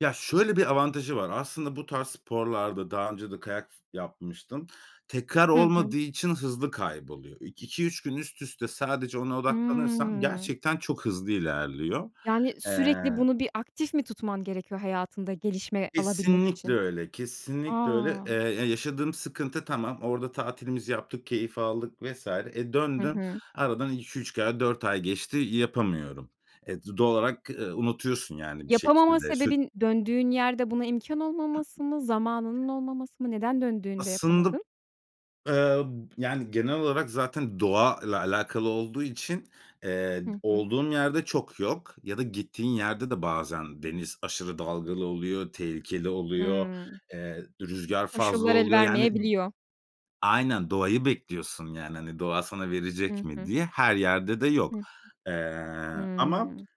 Ya şöyle bir avantajı var. Aslında bu tarz sporlarda daha önce de kayak s yapmıştım. Tekrar Hı hı. olmadığı için hızlı kayboluyor. İk iki 3 gün üst üste sadece ona odaklanırsan Hımm. gerçekten çok hızlı ilerliyor. Yani, sürekli Eee bunu bir aktif mi tutman gerekiyor hayatında gelişme alabilmek Kesinlikle için? öyle. A! Kesinlikle öyle. Eee, ya yaşadığım sıkıntı tamam. Orada tatilimizi yaptık, keyif aldık vs. e, Hı döndün, hı. aradan 2-3 ay 4 ay geçti. Yapamıyorum. E, d doğal olarak, eee, unutuyorsun yani bir Yapamama şekilde sür sebebin döndüğün yerde buna imkân olmaması mı, zamanının olmaması mı? Neden döndüğünde Aslında b yapamadın? eee, b yani genel olarak zaten doğa ile alakalı olduğu için, eee, d Hı hı. olduğum yerde çok yok ya da gittiğin yerde de bazen deniz aşırı dalgalı oluyor, tehlikeli oluyor, Hımm. eee, d rüzgâr fazla Koşullar oluyor. Yani, d elvermeyebiliyor. aynen doğayı bekliyorsun yani, hani, doğa sana verecek Hı mi hı. diye. Her yerde de Hı yok. hı. Eee, ama Hımm.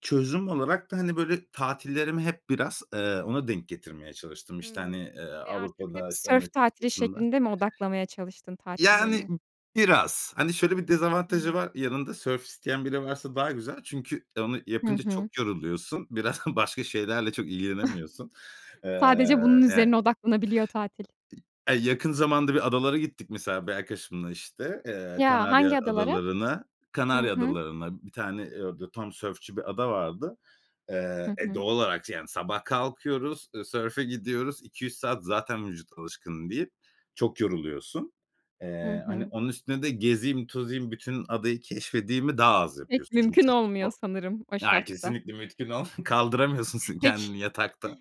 çözüm olarak da, hani, böyle tatillerimi hep biraz, eee, ona denk getirmeye çalıştım. İşte, hani, Hımm. eee, Ve artık hep Avrupa'da işte sörf Amerika tatili kıtasında. şeklinde mi odaklamaya çalıştın Yani tatillerini? b biraz. Hani, şöyle bir Hı dezavantajı hı. var. Yanında sörf isteyen biri varsa daha güzel. Çünkü, eee, onu Hı yapınca hı. çok yoruluyorsun. Biraz başka şeylerle çok ilgilenemiyorsun. Sadece Eee, bunun yani üzerine odaklanabiliyor tatil. Aaa, yakın zamanda bir adalara gittik mesela bir arkadaşımla işte. Eee, Ya Kanarya hangi adalara? Adaları'na. Hı Kanarya hı. Adaları'na bir tane, eee, orada tam sörfçü bir ada vardı. Hı Eee, e, hı. doğal olarak yani sabah kalkıyoruz. Eee, sörfe gidiyoruz. 2-3 saat zaten vücut alışkın değil, çok yoruluyorsun. Hı Eee, hani, hı. onun üstüne de gezeyim tozayım bütün adayı keşfedeyimi daha az Pek yapıyorsun. Çünkü mümkün çok olmuyor zor. sanırım o Aaa, şartta. kesinlikle mümkün ol kaldıramıyorsun s kendini Peki. yatakta.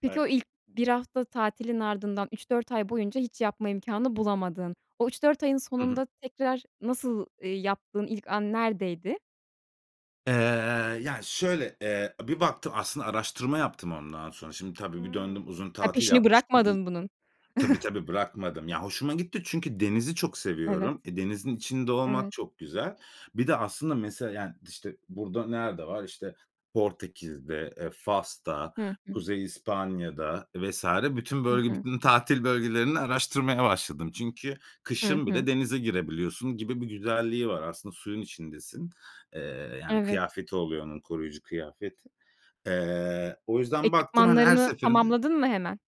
Peki Evet. o ilk 1 hafta tatilin ardından 3-4 ay boyunca hiç yapma imkânı bulamadın, o 3-4 ayın Hı hı. sonunda tekrar nasıl, eee, yaptığın ilk an neredeydi? Eee, ya şöyle, eee, bir baktım aslında araştırma yaptım ondan sonra. Şimdi tabii bir Hımm döndüm uzun ha tatil peşini yapmıştım i bırakmadın bunun. tabii tabii bırakmadım. Ya hoşuma gitti çünkü denizi çok Evet. seviyorum. E, denizin içinde olmak Evet. çok güzel. Bir de aslında mesela yani, işte, burada nerede var? İşte Portekiz'de, eee, Fas'ta, Hı hı. Kuzey İspanya'da vs. bütün I bölge, hı. bütün tatil bölgelerini araştırmaya başladım. Çünkü Hı kışın hı. bile denize girebiliyorsun gibi bir güzelliği var. Aslında suyun içindesin. Eee, yani Evet. kıyafeti oluyor onun, koruyucu kıyafeti. Eee, o yüzden baktım, hani, her Ekipmanlarını seferinde tamamladın mı hemen?